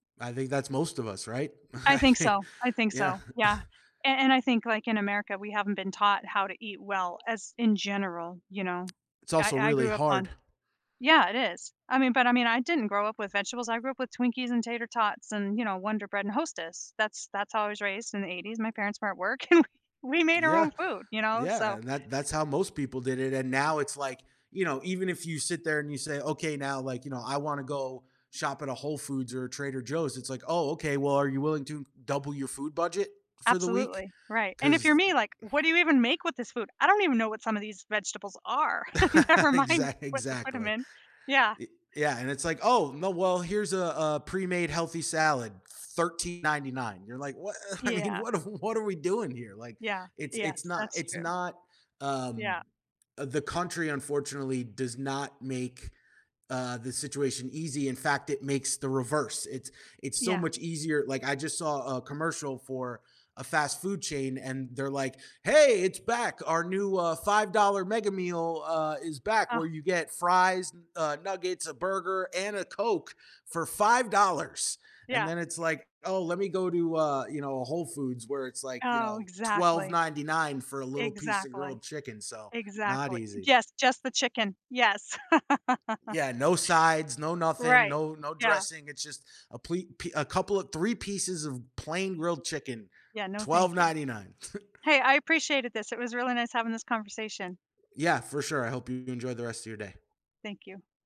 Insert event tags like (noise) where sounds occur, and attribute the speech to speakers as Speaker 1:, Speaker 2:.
Speaker 1: I think that's most of us, right?
Speaker 2: I
Speaker 1: I
Speaker 2: think
Speaker 1: think
Speaker 2: so. I think
Speaker 1: yeah.
Speaker 2: so, yeah.
Speaker 1: (chuckles)
Speaker 2: And and I think like in America, we haven't been taught how to eat well as in general, you know.
Speaker 1: It's
Speaker 2: I
Speaker 1: also
Speaker 2: I
Speaker 1: really
Speaker 2: grew up on
Speaker 1: hard.
Speaker 2: yeah, it is. I mean but I mean, I didn't grow up with vegetables. I grew up with Twinkies and tater tots and, you know, Wonder Bread and Hostess. That's that's how I was raised in the 80s. My parents were at work and we we made our
Speaker 1: Yeah,
Speaker 2: own food, you know,
Speaker 1: yeah.
Speaker 2: so
Speaker 1: And that that's how most people did it. And now it's like, you know, even if you sit there and you say, "Okay, now, like, you know, I wanna go shop at a Whole Foods or a Trader Joe's," it's like, "Oh, okay, well, are you willing to double your food budget for the week?"
Speaker 2: Absolutely, right. And if you're
Speaker 1: 'Cause
Speaker 2: me, like, what do you even make with this food? I don't even know what some of these vegetables are. Never
Speaker 1: (chuckles)
Speaker 2: mind
Speaker 1: Exa
Speaker 2: what to put them
Speaker 1: exactly.
Speaker 2: in. Yeah.
Speaker 1: E yeah, and it's like, "Oh, no, well, here's a a pre-made healthy salad, $13.99." You're like, "What? I mean,
Speaker 2: Yeah.
Speaker 1: what are what are we doing here?" Like,
Speaker 2: Yeah,
Speaker 1: it's it's
Speaker 2: yes,
Speaker 1: not
Speaker 2: that's
Speaker 1: it's
Speaker 2: true.
Speaker 1: not um,
Speaker 2: Yeah.
Speaker 1: uh, the country, unfortunately does not make, uh, the situation easy. In fact, it makes the reverse. It's it's so
Speaker 2: Yeah.
Speaker 1: much easier like, I just saw a commercial for a fast food chain, and they're like, "Hey, it's back, our new, uh, $5 mega meal, uh, is back
Speaker 2: Oh.
Speaker 1: where you get fries, uh, nuggets, a burger, and a Coke for $5." And
Speaker 2: Yeah.
Speaker 1: then it's like, oh, let me go to, uh, you know, a Whole Foods where it's like, you
Speaker 2: Oh,
Speaker 1: know, twelve
Speaker 2: exactly.
Speaker 1: ninety nine for a little piece of
Speaker 2: Exactly.
Speaker 1: grilled chicken, so, not
Speaker 2: Exactly.
Speaker 1: easy.
Speaker 2: Yes, just the chicken, yes. (laughs)
Speaker 1: Yeah, no sides, no nothing,
Speaker 2: Right,
Speaker 1: no no
Speaker 2: yeah.
Speaker 1: dressing, it's just a pli pi a couple of 3 pieces of plain grilled chicken,
Speaker 2: Yeah, no, thank
Speaker 1: twelve
Speaker 2: you.
Speaker 1: ninety nine. (chuckles)
Speaker 2: Hey, I appreciated this. It was really nice having this conversation.
Speaker 1: Yeah, for sure. I hope you enjoy the rest of your day.
Speaker 2: Thank you.